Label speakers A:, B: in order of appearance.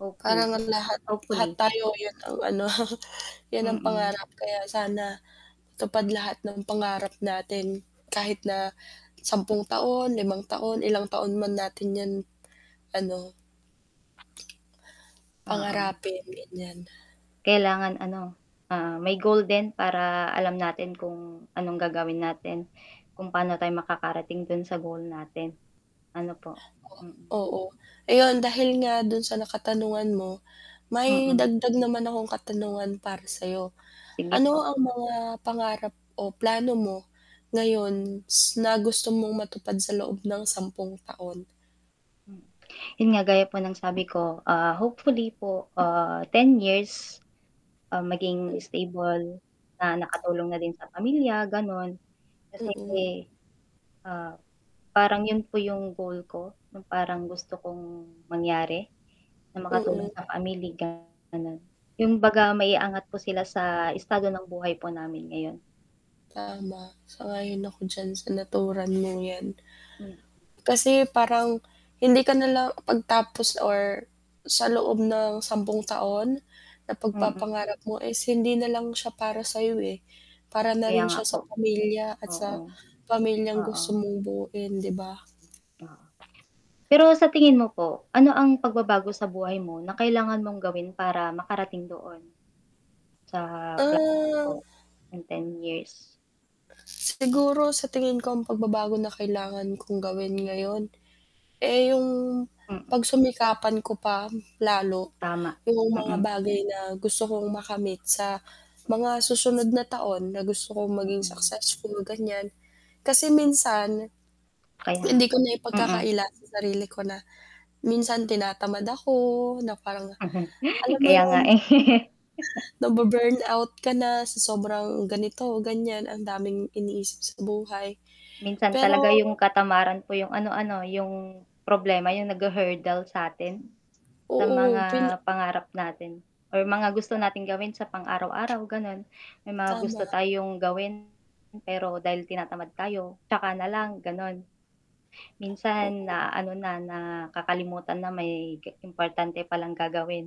A: Hoping,
B: Parang ang lahat lahat
A: hopefully.
B: tayo yun ang ano yun ang
A: Mm.
B: pangarap kaya sana matupad lahat ng pangarap natin kahit na 10 taon, 5 taon, ilang taon man natin yun ano
A: Oo.
B: pangarapin ganyan.
A: Kailangan ano, ah, may goal din para alam natin kung anong gagawin natin, kung paano tayo makakarating dun sa goal natin, ano po, mm.
B: Oo, ayon dahil nga dun sa na katanungan, mo may
A: Mm.
B: dagdag naman akong katanungan para sayo,
A: Sige po.
B: ano ang mga pangarap o plano mo ngayon s na gusto mong matupad sa loob ng 10 taon?
A: Hmm 'yon nga gaya po ng sabi ko, ah, hopefully po, ah, 10 years, um, maging stable, na nakatulong na din sa pamilya, ganon, kasi
B: Mm.
A: ah, parang yun po yung goal ko, yung parang gusto kong mangyari na makatulong
B: Mm.
A: sa family ko ganon, yung baga maiangat po sila sa estado ng buhay po namin ngayon.
B: Tama, sang-ayon ako diyan sa naturan mong yan.
A: Mm.
B: Kasi parang hindi ka nalang pagtapos or sa loob ng 10 taon na
A: Mm.
B: pag-papangarap mo is hindi nalang siya para sayo, eh, para na
A: Kaya
B: rin
A: nga
B: siya sa
A: po,
B: pamilya at sa
A: oo,
B: pamilyang gusto
A: oo.
B: mong buuin di ba?
A: Pero sa tingin mo po, ano ang pagbabago sa buhay mo na kailangan mong gawin para makarating doon? Sa pla
B: Ah.
A: in 10 years.
B: Siguro sa tingin ko ang pagbabago na kailangan kong gawin ngayon, eh, yung
A: Mm.
B: pagsumikapan ko pa lalo
A: Tama,
B: yung mga
A: mm.
B: bagay na gusto kong makamit sa mga susunod na taon na gusto kong maging
A: Mm.
B: successful ganyan kasi minsan
A: Kaya nga
B: hindi ko
A: po, mm.
B: naipagkakaila sa sarili ko na, minsan tinatamad ako na parang alam mo
A: Kaya nga
B: yun.
A: eh.
B: Na-bu-burn out ka na sa sobrang ganito, ganyan, ang daming iniisip sa buhay
A: Minsan
B: pero
A: talaga yung katamaran po yung ano ano yung problema, yung naghu-hurdle sa'tin, sa
B: Oo,
A: mga
B: pina
A: pangarap natin, or mga gusto nating gawin sa pang araw-araw ganon, may mga gusto
B: Tama.
A: tayong gawin pero dahil tinatamad tayo tsaka nalang ganon. Minsan
B: Oo.
A: naaano na, nakakalimutan na may ge importante palang gagawin.